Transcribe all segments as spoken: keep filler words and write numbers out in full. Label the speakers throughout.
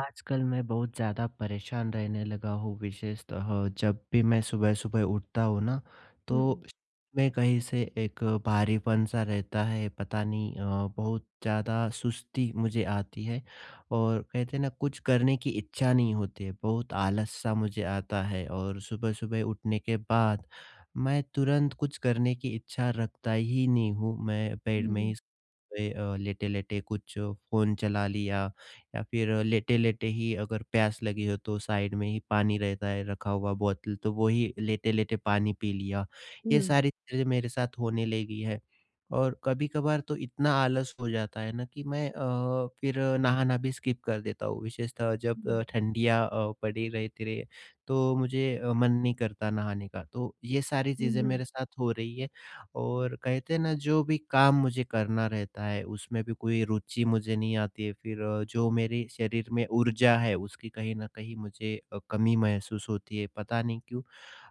Speaker 1: आजकल मैं बहुत ज़्यादा परेशान रहने लगा हूँ विशेषतः जब भी मैं सुबह-सुबह उठता हूँ ना, तो
Speaker 2: हुँ।
Speaker 1: में कहीं से एक भारीपन-सा रहता है, पता नहीं अ, बहुत ज़्यादा सुस्ती मुझे आती है। और कहते हैं ना कुछ करने की इच्छा नहीं होती है, बहुत आलस-सा मुझे आता है। और सुबह-सुबह उठने के बाद, मैं तुरंत कुछ करने की इच्छा रखता ही नहीं हूँ, मैं बेड में
Speaker 2: हुँ।
Speaker 1: ही स ते अ, लेटे-लेटे कुछ फ़ोन चला लिया, या फिर लेट-लेटे ही अगर प्यास लगी हो तो साइड में ही पानी रहता है, रखा हुआ बोतल, तो वोही लेट-लेटे पानी पी लिया, ये
Speaker 2: हुँ।
Speaker 1: सारी चीज़ें मेरे साथ होने लगी है। और कभी-कभार तो इतना आलस हो जाता है ना कि मैं अ, फिर नहाना भी स्किप कर देता हूँ, विशेषतः जब अ,
Speaker 2: हुँ।
Speaker 1: ठंडियाँ अ, पड़ी रहती रही तो मुझे अ, मन नहीं करता नहाने का, तो ये सारी
Speaker 2: हुँ,
Speaker 1: चीज़ें
Speaker 2: हुँ।
Speaker 1: मेरे साथ हो रही है। और कहते हैं ना जो भी काम मुझे करना रहता है उसमें भी कोई रुचि मुझे नहीं आती है फिर अ, जो मेरे शरीर में ऊर्जा है, उसकी कहीं न कहीं मुझे अ, कमी महसूस होती है, पता नहीं क्यों?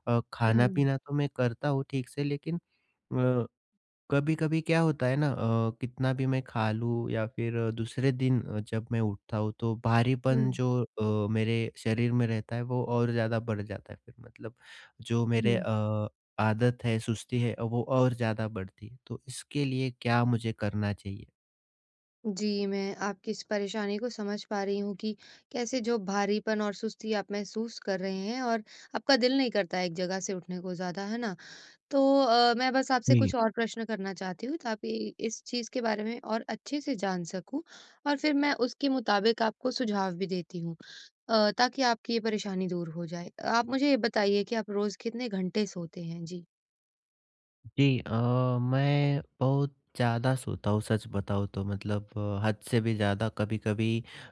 Speaker 1: अ,
Speaker 2: हुँ।
Speaker 1: खाना-पीना तो मैं करता हूँ, ठीक से लेकिन अ, कभी-कभी क्या होता है ना अ, कितना भी मैं खा लूँ, या फिर दूसरे दिन अ, जब मैं उठता हूँ तो भारीपन
Speaker 2: हुँ।
Speaker 1: जो अ, मेरे शरीर में रहता है, वो और ज़्यादा बढ़ जाता है फिर मतलब जो मेरे
Speaker 2: हुँ।
Speaker 1: अ, आदत है, सुस्ती है, वो और ज़्यादा बढ़ती है, तो इसके लिए क्या मुझे करना चाहिए?
Speaker 2: जी, मैं आपकी इस परेशानी को समझ पा रही हूँ कि कैसे जो भारीपन और सुस्ती आप महसूस कर रहे हैं और आपका दिल नहीं करता है एक जगह से उठने को ज़्यादा, है ना? तो अ, मैं बस आपसे
Speaker 1: जी।
Speaker 2: कुछ और प्रश्न करना चाहती हूँ ताकि इस चीज़ के बारे में और अच्छे से जान सकूँ और फिर मैं उसके मुताबिक आपको सुझाव भी देती हूँ अ, ताकि आपकी ये परेशानी दूर हो जाए, आप मुझे ये बताइए कि आप रोज़ कितने घंटे सोते हैं? जी।
Speaker 1: जी अ, मैं बहुत ज़्यादा सोता हूँ सच बताऊँ तो मतलब हद से भी ज़्यादा कभी-कभी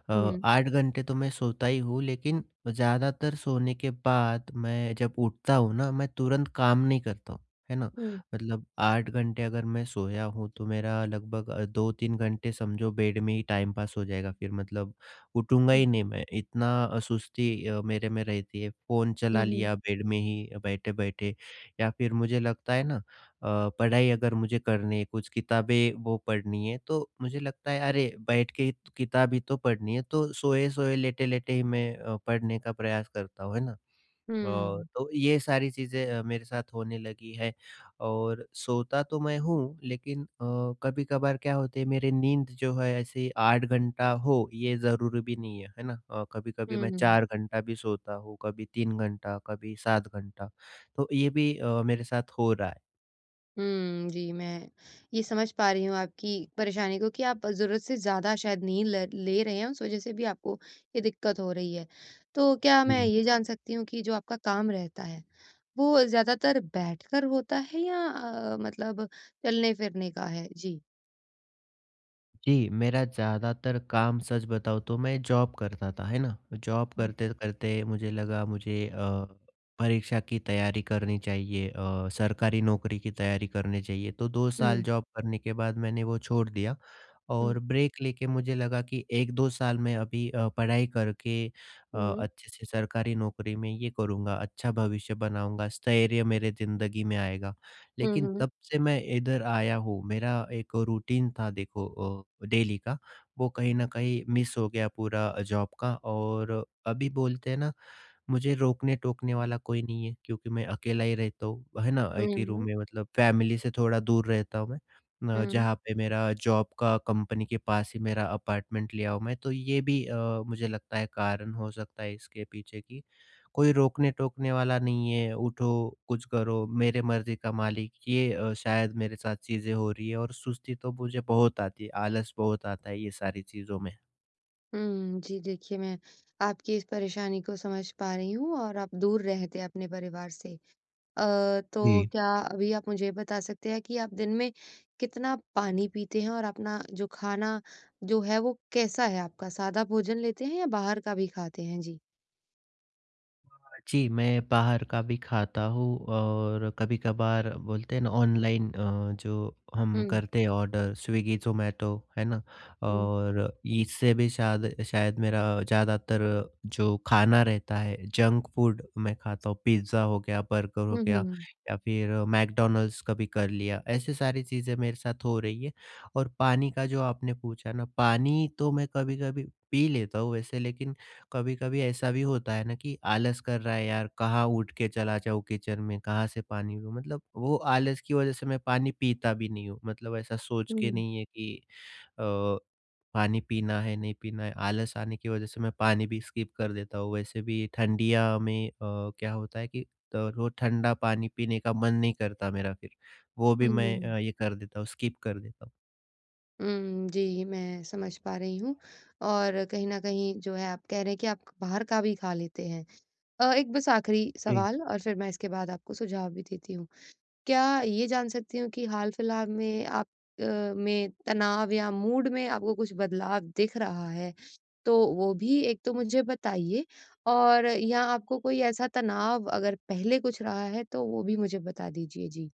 Speaker 1: अ,
Speaker 2: हुँ।
Speaker 1: आठ घंटे तो मैं सोता ही हूँ लेकिन, ज़्यादातर सोने के बाद मैं जब उठता हूँ ना, मैं तुरंत काम नहीं करता हूँ, है ना?
Speaker 2: हुँ।
Speaker 1: मतलब आठ घंटे अगर मैं सोया हूँ, तो मेरा लगभग दो तीन घंटे समझो बेड में ही टाइम पास हो जाएगा फिर मतलब उठूँगा ही
Speaker 2: हुँ।
Speaker 1: नहीं मैं, इतना अ, सुस्ती मेरे में रहती है फ़ोन
Speaker 2: हुँ,
Speaker 1: चला
Speaker 2: हुँ।
Speaker 1: लिया बेड में ही बैठे-बैठे, या फिर मुझे लगता है ना अ, पढ़ाई अगर मुझे करनी है, कुछ किताबें, वो पढ़नी है तो मुझे लगता है अरे, बैठ के किताब ही तो पढ़नी है तो सोए-सोए, लेट-लेटे ही मैं अ, पढ़ने का प्रयास करता हूँ, है ना? अ,
Speaker 2: हुँ।
Speaker 1: तो ये सारी चीजें अ, मेरे साथ होने लगी है और सोता तो मैं हूँ, लेकिन अ, कभी-कभार क्या होता है मेरी नींद जो है, ऐसे आठ घंटा हो ये ज़रूरी भी नहीं है, है ना? अ, कभी-कभी मैं
Speaker 2: हुँ।
Speaker 1: चार घंटा भी सोता हूँ, कभी तीन घंटा कभी सात घंटा तो ये भी अ, मेरे साथ हो रहा है।
Speaker 2: हुँ, जी, मैं ये समझ पा रही हूँ आपकी परेशानी को कि आप ज़रूरत से ज़्यादा शायद नींद ल ले रहे हैं, उस वज़ह से भी आपको ये दिक्कत हो रही है। तो क्या मैं
Speaker 1: जी।
Speaker 2: ये जान सकती हूँ कि जो आपका काम रहता है, वो ज़्यादातर बैठकर होता है या अ, मतलब चलने-फिरने का है? जी।
Speaker 1: जी, मेरा ज़्यादातर काम, सच बताऊँ तो मैं जॉब करता था, है ना? जॉब
Speaker 2: हुँ।
Speaker 1: करते-करते मुझे लगा मुझे अ, परीक्षा की तैयारी करनी चाहिए अ, सरकारी नौकरी की तैयारी करनी चाहिए, तो दो साल
Speaker 2: हुँ।
Speaker 1: जॉब करने के बाद मैंने वो छोड़ दिया और
Speaker 2: हुँ।
Speaker 1: ब्रेक लेके मुझे लगा कि एक दो साल में अभी अ, पढ़ाई करके अ,
Speaker 2: हुँ।
Speaker 1: अच्छे से सरकारी नौकरी में ये करूँगा, अच्छा भविष्य बनाऊँगा, स्थैर्य मेरे जिंदगी में आएगा
Speaker 2: हुँ,
Speaker 1: लेकिन
Speaker 2: हुँ।
Speaker 1: तब से मैं इधर आया हूँ मेरा एक रूटीन था देखो अ, डेली का वो कहीं न कहीं मिस हो गया पूरा जॉब का और अभी बोलते हैं ना, मुझे रोकने-टोकने वाला कोई नहीं है, क्योंकि मैं अकेला ही रहता हूँ, है ना? एक ही रूम
Speaker 2: हुँ।
Speaker 1: में मतलब फैमिली से थोड़ा दूर रहता हूँ मैं ना
Speaker 2: हुँ।
Speaker 1: जहाँ पे मेरा जॉब का कंपनी के पास ही मेरा अपार्टमेंट लिया हूँ मैं तो ये भी अ, मुझे लगता है कारण हो सकता है इसके पीछे की, कोई रोकने-टोकने वाला नहीं है, उठो, कुछ करो, मेरी मर्ज़ी का मालिक ये अ, शायद मेरे साथ चीज़ें हो रही हैं और सुस्ती तो मुझे बहुत आती है, आलस बहुत आता है ये सारी चीज़ों में।
Speaker 2: हुँ, जी, देखिए मैं आपकी इस परेशानी को समझ पा रही हूँ और आप दूर रहते हैं अपने परिवार से। अ, तो
Speaker 1: जी।
Speaker 2: क्या अभी आप मुझे ये बता सकते हैं कि आप दिन में, कितना पानी पीते हैं और अपना जो खाना, जो है वो कैसा है आपका सादा भोजन लेते हैं या बाहर का भी खाते हैं? जी।
Speaker 1: जी, मैं बाहर का भी खाता हूँ और कभी-कभार बोलते हैं ना ऑनलाइन अ, जो हम
Speaker 2: हुँ।
Speaker 1: करते हैं ऑर्डर स्विग्गी, ज़ोमैटो, है ना?
Speaker 2: हुँ।
Speaker 1: और इससे भी शायद शायद मेरा ज़्यादातर जो खाना रहता है, जंक फूड मैं खाता हूँ, पिज़्ज़ा हो गया, बर्गर हो
Speaker 2: हुँ, हुँ,
Speaker 1: गया
Speaker 2: हुँ।
Speaker 1: या फिर मैकडॉनल्ड्स कभी कर लिया, ऐसी सारी चीज़ें मेरे साथ हो रही है। और पानी का जो आपने पूछा न, पानी तो मैं कभी-कभी पी लेता हूँ वैसे लेकिन कभी-कभी ऐसा भी होता है ना कि आलस कर रहा है, यार कहाँ उठ के चला जाऊँ किचन में, कहाँ से पानी मतलब वो आलस की वजह से मैं पानी पीता भी नहीं हूँ, मतलब ऐसा सोच के
Speaker 2: हुँ।
Speaker 1: नहीं है कि अ, पानी पीना है, नहीं पीना है, आलस आने की वजह से मैं पानी भी स्किप कर देता हूँ, वैसे भी ठंडिया में अ, क्या होता है कि अ, वो ठंडा पानी पीने का मन नहीं करता मेरा फिर, वो भी मैं
Speaker 2: हुँ।
Speaker 1: अ, ये कर देता हूँ स्किप कर देता हूँ।
Speaker 2: हूँ, जी, मैं समझ पा रही हूँ और कहीं न कहीं जो है आप कह रहे हैं, कि आप बाहर का भी खा लेते हैं अ, एक बस आखिरी
Speaker 1: जी।
Speaker 2: सवाल और फिर मैं इसके बाद आपको सुझाव भी देती हूँ। क्या ये जान सकती हूँ कि हाल-फिलहाल में आप अ, में तनाव या मूड में आपको कुछ बदलाव दिख रहा है? तो वो भी एक तो मुझे बताइए और या आपको कोई ऐसा तनाव अगर पहले कुछ रहा है, तो वो भी मुझे बता दीजिए। जी।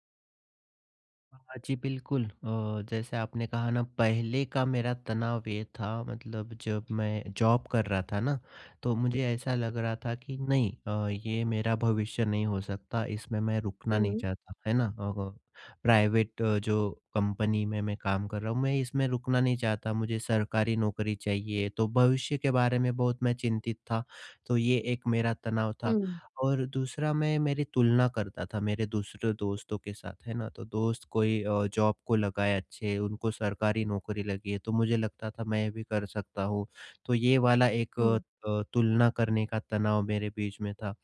Speaker 1: हाँ, हाँ, जी, बिल्कुल अ, जैसे आपने कहा ना पहले का मेरा तनाव ये था मतलब जब मैं जॉब कर रहा था ना, तो मुझे ऐसा लग रहा था कि नहीं अ, ये मेरा भविष्य नहीं हो सकता, इसमें मैं रुकना नहीं
Speaker 2: हुँ।
Speaker 1: चाहता, है ना? प्राइवेट अ, जो कंपनी में मैं काम कर रहा हूँ, मैं इसमें रुकना नहीं चाहता मुझे सरकारी नौकरी चाहिए, तो भविष्य के बारे में बहुत मैं चिंतित था, तो ये एक मेरा तनाव था
Speaker 2: हुँ।
Speaker 1: और दूसरा मैं मेरी तुलना करता था मेरे दूसरे दोस्तों के साथ, है ना? तो दोस्त कोई अ, जॉब को लगाए अच्छे उनको सरकारी नौकरी लगी है, तो मुझे लगता था मैं भी कर सकता हूँ, तो ये वाला एक क
Speaker 2: हुँ।
Speaker 1: तुलना करने का तनाव मेरे बीच में था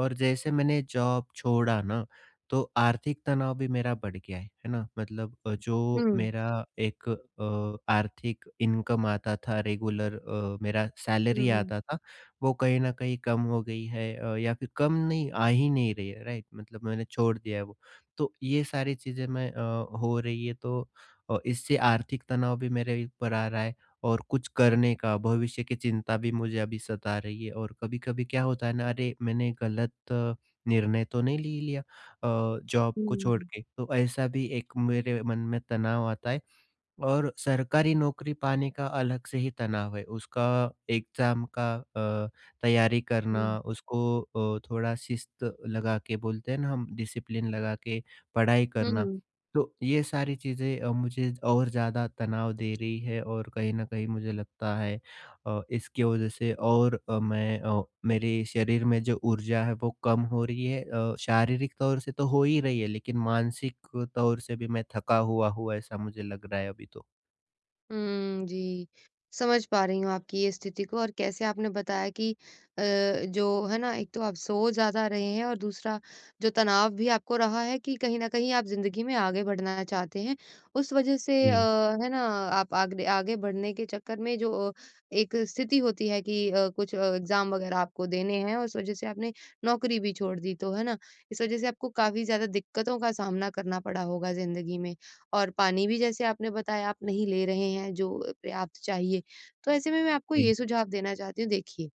Speaker 1: और जैसे मैंने जॉब छोड़ा ना, तो आर्थिक तनाव भी मेरा बढ़ गया, है ना? मतलब अ, जो
Speaker 2: हुँ।
Speaker 1: मेरा एक अ, आर्थिक इनकम आता था रेगुलर अ, मेरा
Speaker 2: हुँ,
Speaker 1: सैलरी
Speaker 2: हुँ।
Speaker 1: आता था, वो कहीं न कहीं कम हो गई है अ, या फिर कम नहीं आ ही नहीं रही है राइट? मतलब मैंने छोड़ दिया है वो। तो ये सारी चीज़ें मैं अ, हो रही है तो अ, इससे आर्थिक तनाव भी मेरे ही ऊपर आ रहा है और कुछ करने का भविष्य की चिंता भी मुझे अभी सता रही है और कभी-कभी क्या होता है ना अरे, मैंने गलत निर्णय तो नहीं ले लिया अ, जॉब को छोड़
Speaker 2: हुँ।
Speaker 1: के, तो ऐसा भी एक मेरे मन में तनाव आता है और सरकारी नौकरी पाने का अलग से ही तनाव है, उसका एग्ज़ाम का अ, तैयारी करना
Speaker 2: हुँ।
Speaker 1: उसको अ, थोड़ा शिष्ट लगा के बोलते हैं ना हम डिसिप्लिन लगा के पढ़ाई
Speaker 2: हुँ,
Speaker 1: करना,
Speaker 2: हुँ।
Speaker 1: तो ये सारी चीज़ें अ, मुझे झ और ज़्यादा तनाव दे रही है और कहीं न कहीं मुझे लगता है अ, इसकी वजह से और अ, मैं अ, मेरे शरीर में जो ऊर्जा है, वो कम हो रही है अ, शारीरिक तौर से तो हो ही रही है, लेकिन मानसिक तौर से भी मैं थका हुआ हूँ ऐसा मुझे लग रहा है अभी तो।
Speaker 2: उम, जी, समझ पा रही हूँ आपकी ये स्थिति को और कैसे आपने बताया कि अ, जो, है ना, एक तो आप सो ज़्यादा रहे हैं, और दूसरा जो तनाव भी आपको रहा है कि कहीं न कहीं आप ज़िंदगी में आगे बढ़ना चाहते हैं। उस वजह से अ,
Speaker 1: जी।
Speaker 2: है ना, आप आग दे आगे बढ़ने के चक्कर में जो एक स्थिति होती है कि अ, कुछ अ, एग्ज़ाम वगैरह आपको देने हैं, उस वजह से आपने नौकरी भी छोड़ दी तो, है ना, इस वजह से आपको काफ़ी ज़्यादा दिक्कतों का सामना करना पड़ा होगा ज़िंदगी में। और पानी भी, जैसे आपने बताया, आप नहीं ले रहे हैं जो अ, पर्याप्त चाहिए, तो ऐसे में मैं आपको
Speaker 1: जी।
Speaker 2: ये सुझाव देना चाहती हूँ, देखिए,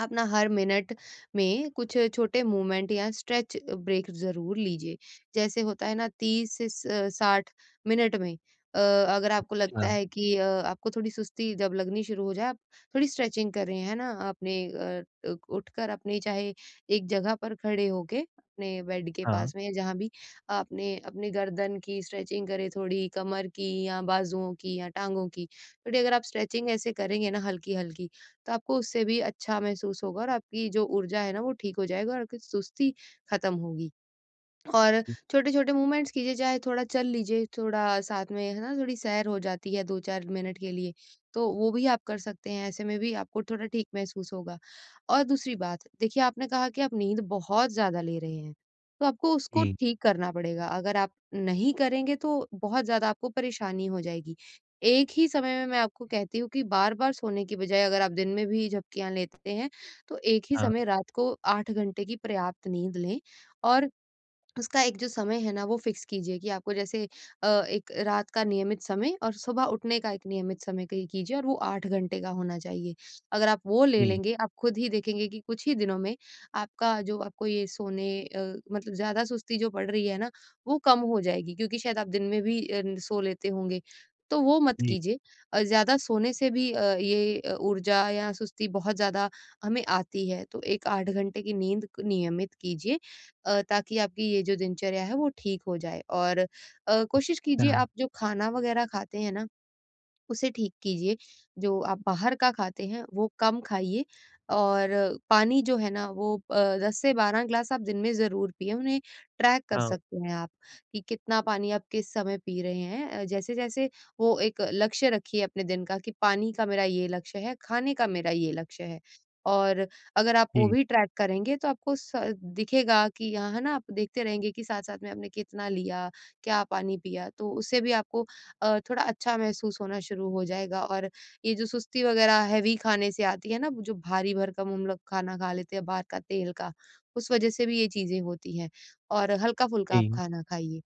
Speaker 2: आप ना हर मिनट में कुछ छोटे मूवमेंट या स्ट्रेच ब्रेक ज़रूर लीजिए। जैसे होता है ना तीस से स साठ मिनट में अ, अगर आपको लगता
Speaker 1: अच्छा।
Speaker 2: है कि अ आपको थोड़ी सुस्ती जब लगनी शुरू हो जाए, आप थोड़ी स्ट्रेचिंग करें, है ना अपने अ अ, उठकर अपने चाहे एक जगह पर खड़े होके अपने बेड के
Speaker 1: हाँ।
Speaker 2: पास में या जहाँ भी, आपने अपने गर्दन की स्ट्रेचिंग करें, थोड़ी कमर की या बाजुओं की या टाँगों की। थोड़ी अगर आप स्ट्रेचिंग ऐसे करेंगे ना हल्की-हल्की, तो आपको उससे भी अच्छा महसूस होगा, और आपकी जो ऊर्जा है ना, वो ठीक हो जाएगा, और आपकी सुस्ती ख़त्म होगी। और छोटे-छोटे मूवमेंट्स कीजिए, चाहे थोड़ा चल लीजिए थोड़ा साथ में, है ना, थोड़ी सैर हो जाती है दो चार मिनट के लिए। तो वो भी आप कर सकते हैं, ऐसे में भी आपको थोड़ा ठीक महसूस होगा। और दूसरी बात, देखिए, आपने कहा कि आप नींद बहुत ज़्यादा ले रहे हैं, तो आपको उसको
Speaker 1: जी।
Speaker 2: ठीक करना पड़ेगा, अगर आप नहीं करेंगे, तो बहुत ज़्यादा आपको परेशानी हो जाएगी। एक ही समय में मैं आपको कहती हूँ कि बार-बार सोने की बजाए, अगर आप दिन में भी झपकियाँ लेते हैं, तो एक ही
Speaker 1: हाँ।
Speaker 2: समय रात को आठ घंटे की पर्याप्त नींद लें और उसका एक जो समय है ना, वो फिक्स कीजिए कि आपको जैसे अ, एक रात का नियमित समय और सुबह उठने का एक नियमित समय तय कीजिए और वो आठ घंटे का होना चाहिए। अगर आप वो ले
Speaker 1: जी।
Speaker 2: लेंगे, आप खुद ही देखेंगे कि कुछ ही दिनों में आपका जो आपको ये सोने अ, मतलब ज़्यादा सुस्ती जो बढ़ रही है ना, वो कम हो जाएगी क्योंकि शायद आप दिन में भी अ, न सो लेते होंगे, तो वो मत
Speaker 1: जी।
Speaker 2: कीजिए। और ज़्यादा सोने से भी अ, ये अ, ऊर्जा या सुस्ती बहुत ज़्यादा हमें आती है, तो एक आठ घंटे की नींद नियमित कीजिए अ, ताकि आपकी ये जो दिनचर्या है, वो ठीक हो जाए। और अ, कोशिश कीजिए
Speaker 1: हाँ।
Speaker 2: आप जो खाना वगैरह खाते हैं ना, उसे ठीक कीजिए। जो आप बाहर का खाते हैं, वो कम खाइए, और पानी जो है ना, वो अ, दस से बारह गिलास आप दिन में ज़रूर पीएँ। उन्हें ट्रैक कर
Speaker 1: हाँ।
Speaker 2: सकते हैं आप कि कितना पानी आप किस समय पी रहे हैं। अ, जैसे-जैसे वो एक लक्ष्य रखिए अपने दिन का कि पानी का मेरा ये लक्ष्य है, खाने का मेरा ये लक्ष्य है और अगर आप वो
Speaker 1: जी।
Speaker 2: भी ट्रैक करेंगे, तो आपको स दिखेगा कि यहाँ है ना, आप देखते रहेंगे कि साथ-साथ में आपने कितना लिया, क्या पानी पिया, तो उससे भी आपको अ, थोड़ा अच्छा महसूस होना शुरू हो जाएगा। और ये जो सुस्ती वगैरह हैवी खाने से आती है ना, जो भारी-भरकम हम लोग खाना खा लेते हैं, बाहर का तेल का, उस वजह से भी ये चीज़ें होती हैं, और हल्का-फुल्का आप
Speaker 1: जी।
Speaker 2: खाना खाइए।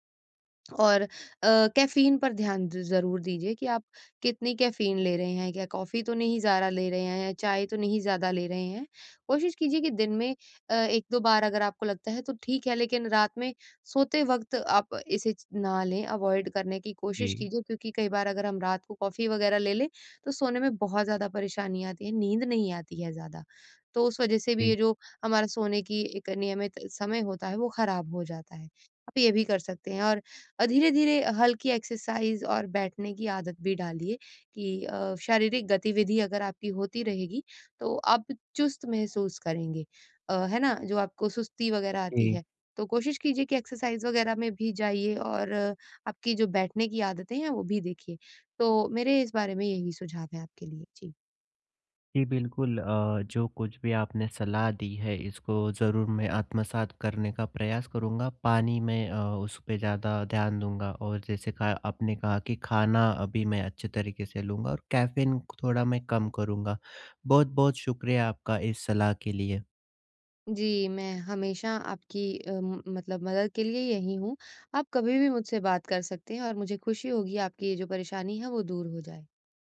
Speaker 2: और अ, कैफीन पर ध्यान द ज़रूर दीजिए कि आप कितनी कैफीन ले रहे हैं, क्या कॉफी तो नहीं ज़्यादा ले रहे हैं या चाय तो नहीं ज़्यादा ले रहे हैं। कोशिश कीजिए कि दिन में अ, एक दो बार अगर आपको लगता है, तो ठीक है, लेकिन रात में सोते वक़्त आप इसे च ना लें, अवॉइड करने की कोशिश
Speaker 1: जी।
Speaker 2: कीजिए, क्योंकि कई बार अगर हम रात को कॉफी वगैरह ले लें, तो सोने में बहुत ज़्यादा परेशानी आती है, नींद नहीं आती है ज़्यादा। तो उस वजह से भी
Speaker 1: जी।
Speaker 2: ये जो हमारा सोने की एक नियमित समय होता है, वो खराब हो जाता है। आप ये भी कर सकते हैं और अ, धीरे-धीरे हल्की एक्सरसाइज़ और बैठने की आदत भी डालिए कि अ, शारीरिक गतिविधि अगर आपकी होती रहेगी, तो आप चुस्त महसूस करेंगे अ, है ना, जो आपको सुस्ती वगैरह आती
Speaker 1: जी।
Speaker 2: है, तो कोशिश कीजिए कि एक्सरसाइज़ वगैरह में भी जाइए, और आपकी जो बैठने की आदतें हैं, वो भी देखिए। तो मेरे इस बारे में यही सुझाव हैं आपके लिए। जी।
Speaker 1: जी, बिल्कुल अ, जो कुछ भी आपने सलाह दी है, इसको ज़रूर मैं आत्मसात करने का प्रयास करूँगा। पानी में अ, उस पे ज़्यादा ध्यान दूँगा, और जैसे कहा आपने कहा कि खाना अभी मैं अच्छे तरीके से लूँगा और कैफीन थोड़ा मैं कम करूँगा। बहुत-बहुत शुक्रिया आपका इस सलाह के लिए।
Speaker 2: जी, मैं हमेशा आपकी अम, मतलब मदद के लिए यही हूँ, आप कभी भी मुझसे बात कर सकते हैं, और मुझे खुशी होगी आपकी ये जो परेशानी है, वो दूर हो जाए।